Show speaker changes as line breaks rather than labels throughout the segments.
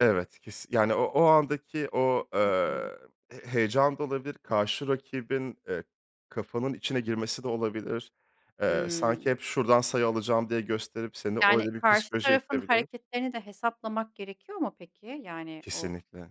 Evet, kes yani o o andaki o,
Hı hı.
eee, h heyecan da olabilir, karşı rakibin, eee, kafanın içine girmesi de olabilir. Eee, sanki
Hıı.
hep şuradan sayı alacağım diye gösterip seni
Yani
öyle bir
karşı
psikolojiye
tarafın
itebilir.
hareketlerini de hesaplamak gerekiyor mu peki? Yani o,
Kesinlikle,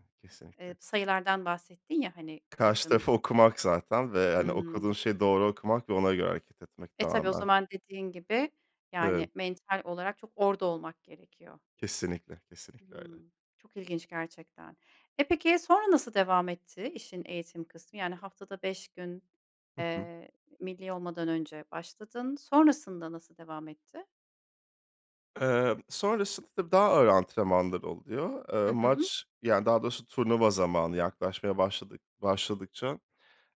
eee,
kesinlikle.
sayılardan bahsettin ya hani
Karşı
kılıcın
tarafı okumak zaten ve, hani, okuduğun
Hıı.
şeyi doğru okumak ve ona göre hareket etmek
E, tabii o
tamamen.
zaman dediğin gibi yani
Evet.
mental olarak çok orada olmak gerekiyor.
Kesinlikle, kesinlikle
Hıı,
öyle.
çok ilginç gerçekten. E, peki sonra nasıl devam etti işin eğitim kısmı? Yani haftada 5 gün,
Hı hı.
eee, millî olmadan önce başladın. Sonrasında nasıl devam etti?
Emm, sonrasında, tabii, daha ağır antrenmanlar oluyor. Eee,
Hı hı.
maç yani daha doğrusu turnuva zamanı yaklaşmaya başladık başladıkça,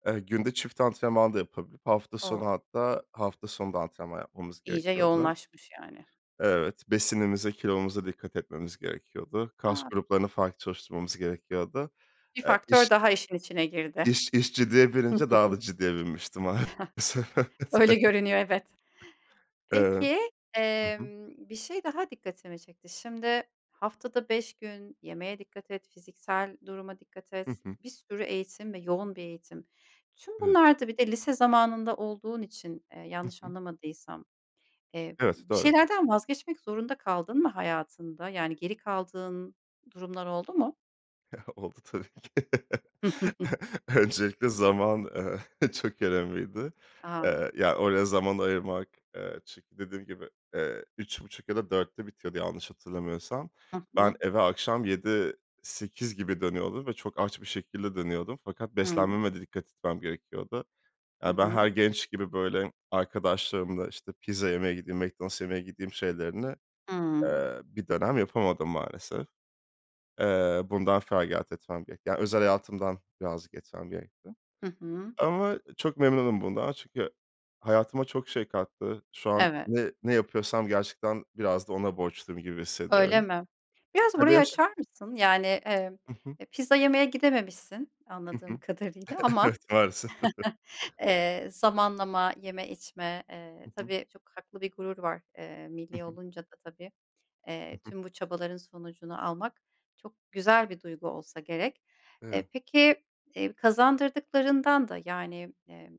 eee, günde çift antrenman da yapabilip hafta sonu
O!
hatta hafta sonu da antrenman yapmamız
İyice
gerekiyordu.
yoğunlaşmış yani.
Evet, besinimize, kilomuza dikkat etmemiz gerekiyordu. Kas
Ha.
gruplarını farklı çalıştırmamız gerekiyordu.
Bir
Eee, iş
faktör daha işin içine girdi.
iş iş ciddiye binince daha da ciddiye binmiştim Maalesef. Evet.
Öyle görünüyor, evet.
Evet.
Peki,
Hı hı.
emm, bir şey daha dikkatimi çekti. Şimdi haftada 5 gün yemeğe dikkat et, fiziksel duruma dikkat
Hı
et,
hı.
bir sürü eğitim ve yoğun bir eğitim. Tüm
Evet.
bunlarda bir de lise zamanında olduğun için, eee,
Hı
yanlış
hı.
anlamadıysam, eee,
Evet,
bir
doğru.
şeylerden vazgeçmek zorunda kaldın mı hayatında? Yani geri kaldığın durumlar oldu mu?
Ya oldu tabii ki. Öncelikle zaman, eee, çok önemliydi.
A!
Eee, yani oraya zaman ayırmak eee, çünkü dediğim gibi, eee, 15.30 ya da 16.00'de bitiyordu yanlış hatırlamıyorsam.
Hı
Ben
hı.
eve akşam 19.00-20.00 gibi dönüyordum ve çok aç bir şekilde dönüyordum fakat
Hıı.
beslenmeme de dikkat etmem gerekiyordu.
Hı
Ya ben her
hı.
genç gibi böyle arkadaşlarımla, işte, pizza yemeye gideyim, Mc Donald's yemeye gideyim şeylerini,
Hıı.
eee, bir dönem yapamadım maalesef. Eee, bundan feragat etmem gerekti. Yani özel hayatımdan birazcık etmem gerekti
Hı hı.
ama çok memnunum bundan çünkü hayatıma çok şey kattı. Şu an
Evet.
ne ne yapıyorsam gerçekten biraz da ona borçluyum gibi
Öyle
hissediyorum.
mi? Biraz
Ya benim
burayı
için
açar mısın? Yani, emm,
Hı hı.
e, pizza yemeye gidememişsin
Hı hı.
anladığım kadarıyla ama,
Evet, maalesef.
eee, zamanlama yeme içme, eee,
Hı hı.
tabii çok haklı bir gurur var, eee,
Hı
millî
hı.
olunca da, tabii,
Hı
eee,
hı.
tüm bu çabaların sonucunu almak çok güzel bir duygu olsa gerek. Eee,
Evet.
peki, eee, kazandırdıklarından da yani, emm